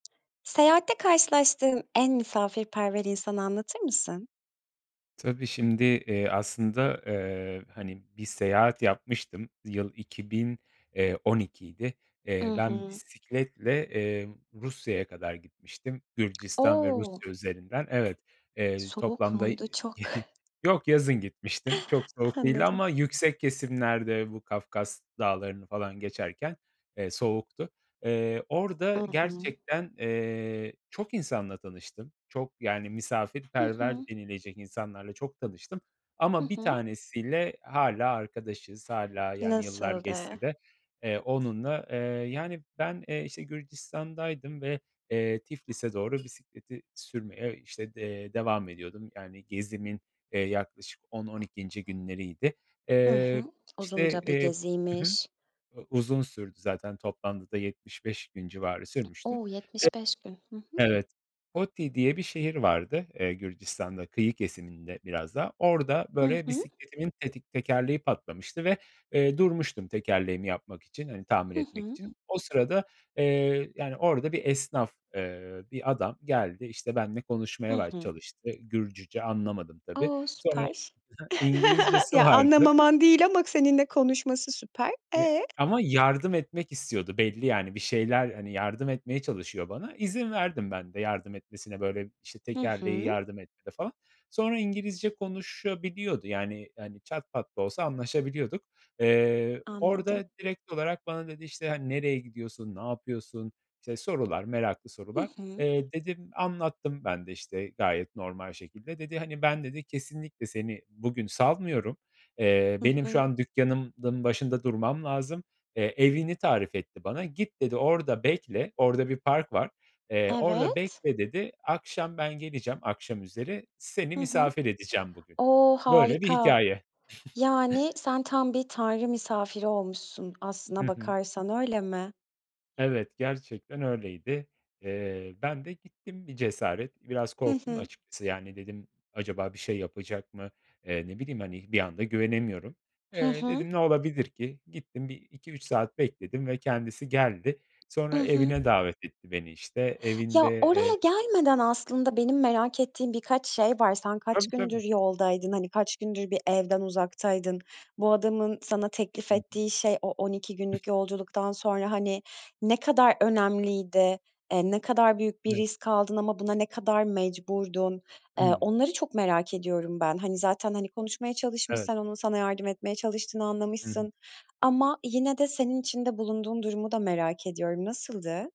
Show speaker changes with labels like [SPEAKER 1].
[SPEAKER 1] Seyahatte karşılaştığın en misafirperver insanı, anlatır mısın?
[SPEAKER 2] Tabii, şimdi, eee, aslında, eee, hani, bir seyahat yapmıştım. Yıl 2000, eee, 12'ydi. Eee,
[SPEAKER 1] Hı
[SPEAKER 2] ben
[SPEAKER 1] hı.
[SPEAKER 2] bisikletle, eee, Rusya'ya kadar gitmiştim. Gürcistan ve
[SPEAKER 1] O!
[SPEAKER 2] Rusya üzerinden. Evet, eee,
[SPEAKER 1] Soğuk
[SPEAKER 2] toplamda Y
[SPEAKER 1] muydu, çok?
[SPEAKER 2] yok, yazın gitmiştim. Çok soğuk değildi
[SPEAKER 1] Anladım.
[SPEAKER 2] ama yüksek kesimlerde bu Kafkas Dağları'nı falan geçerken, eee, soğuktu. Eee,
[SPEAKER 1] Hı
[SPEAKER 2] orada
[SPEAKER 1] hı.
[SPEAKER 2] gerçekten, eee, çok insanla tanıştım. Çok, yani,
[SPEAKER 1] Hı hı.
[SPEAKER 2] misafirperver denilecek insanlarla çok tanıştım.
[SPEAKER 1] Hı
[SPEAKER 2] Ama bir
[SPEAKER 1] hı.
[SPEAKER 2] tanesi ile hâlâ arkadaşız, hâlâ yani yıllar
[SPEAKER 1] Nasıldı?
[SPEAKER 2] geçse de, eee, onunla Eee, yani ben, eee, işte Gürcistan'daydım ve eee, Tiflis'e doğru bisikleti sürmeye işte d eee, devam ediyordum. Yani, gezimin, eee, yaklaşık 10-12. günleriydi.
[SPEAKER 1] Hı
[SPEAKER 2] Eee,
[SPEAKER 1] hı.
[SPEAKER 2] işte,
[SPEAKER 1] Uzunca bir
[SPEAKER 2] eee Hı hı,
[SPEAKER 1] geziymiş.
[SPEAKER 2] eee, uzun sürdü zaten. Toplamda da 75 civarı sürmüştü.
[SPEAKER 1] O 75 gün. Hı hı.
[SPEAKER 2] E, evet, Gotti diye bir şehir vardı. Eee, Gürcistan'da kıyı kesiminde biraz daha. Orada
[SPEAKER 1] Hı
[SPEAKER 2] böyle
[SPEAKER 1] hı.
[SPEAKER 2] bisikletimin tetik tekerleği patlamıştı ve eee, durmuştum, tekerleğimi yapmak için hani, tahmin
[SPEAKER 1] Hı
[SPEAKER 2] etmek
[SPEAKER 1] hı.
[SPEAKER 2] için. O sırada, eee, yani, orada bir esnaf, eee, bir adam geldi işte, benimle
[SPEAKER 1] Hı
[SPEAKER 2] konuşmaya baş
[SPEAKER 1] hı.
[SPEAKER 2] çalıştı. Gürcüce anlamadım, tabii.
[SPEAKER 1] O,
[SPEAKER 2] Sonra Hı
[SPEAKER 1] süper.
[SPEAKER 2] hı. İngilizcesi
[SPEAKER 1] Ya,
[SPEAKER 2] vardı.
[SPEAKER 1] anlamaman değil ama seninle konuşması süper.
[SPEAKER 2] Eee,
[SPEAKER 1] E?
[SPEAKER 2] ama yardım etmek istiyordu belli, yani, bir şeyler Hani, yardım etmeye çalışıyor bana. İzin verdim ben de yardım etmesine. Böyle işte
[SPEAKER 1] Hı
[SPEAKER 2] tekerleği
[SPEAKER 1] hı.
[SPEAKER 2] yardım etti de falan. Sonra İngilizce konuşabiliyordu yani; hani, çat pat da olsa anlaşabiliyorduk. Eee,
[SPEAKER 1] Anladım.
[SPEAKER 2] orada direkt olarak bana dedi; işte hani, nereye gidiyorsun? Ne yapıyorsun? işte sorular, meraklı
[SPEAKER 1] Hı
[SPEAKER 2] sorular.
[SPEAKER 1] hı.
[SPEAKER 2] Eee, dedim anlattım ben de işte gayet normal şekilde. Dedi hani, ben dedi, kesinlikle, seni bugün salmıyorum. Eee,
[SPEAKER 1] Hı
[SPEAKER 2] benim şu
[SPEAKER 1] hı.
[SPEAKER 2] an dükkânımın başında durmam lazım. Eee, evini tarif etti bana. Git dedi, orada bekle. Orada bir park var. Eee, orada
[SPEAKER 1] Evet.
[SPEAKER 2] bekle, dedi. Akşam ben geleceğim, akşam üzeri seni
[SPEAKER 1] Hı hı.
[SPEAKER 2] misafir edeceğim bugün.
[SPEAKER 1] O,
[SPEAKER 2] Böyle bir
[SPEAKER 1] harika.
[SPEAKER 2] hikâye.
[SPEAKER 1] Yani, sen tam bir tanrı misafiri olmuşsun,
[SPEAKER 2] Hı
[SPEAKER 1] aslına
[SPEAKER 2] hı.
[SPEAKER 1] bakarsan, öyle mi?
[SPEAKER 2] Evet, gerçekten öyleydi. Eee, ben de gittim bir cesaret. Biraz
[SPEAKER 1] Hı
[SPEAKER 2] korktum
[SPEAKER 1] hı.
[SPEAKER 2] açıkçası, yani, dedim; acaba bir şey yapacak mı? Eee, ne bileyim hani, bir anda güvenemiyorum.
[SPEAKER 1] Hı
[SPEAKER 2] Eee,
[SPEAKER 1] hı.
[SPEAKER 2] dedim ne olabilir ki? Gittim, 1-2-3 saat bekledim ve kendisi geldi.
[SPEAKER 1] I
[SPEAKER 2] Sonra
[SPEAKER 1] hı.
[SPEAKER 2] evine davet etti beni, işte
[SPEAKER 1] Ya,
[SPEAKER 2] evinde
[SPEAKER 1] oraya
[SPEAKER 2] eee
[SPEAKER 1] gelmeden aslında, benim merak ettiğim birkaç şey var. Sen kaç
[SPEAKER 2] Tabii,
[SPEAKER 1] gündür
[SPEAKER 2] tabii.
[SPEAKER 1] yoldaydın? Hani kaç gündür bir evden uzaktaydın? Bu adamın sana teklif
[SPEAKER 2] Hı hı.
[SPEAKER 1] ettiği şey, o 12 günlük yolculuktan sonra hani, ne kadar önemliydi? Eee, ne kadar büyük bir
[SPEAKER 2] Evet.
[SPEAKER 1] risk aldın ama buna ne kadar mecburdun? Eee,
[SPEAKER 2] Hımm.
[SPEAKER 1] onları çok merak ediyorum ben. Hani, zaten hani, konuşmaya çalışmış,
[SPEAKER 2] Evet.
[SPEAKER 1] sen onun sana yardım etmeye çalıştığını
[SPEAKER 2] Hı hı.
[SPEAKER 1] anlamışsın ama yine de senin içinde bulunduğun durumu da merak ediyorum. Nasıldı?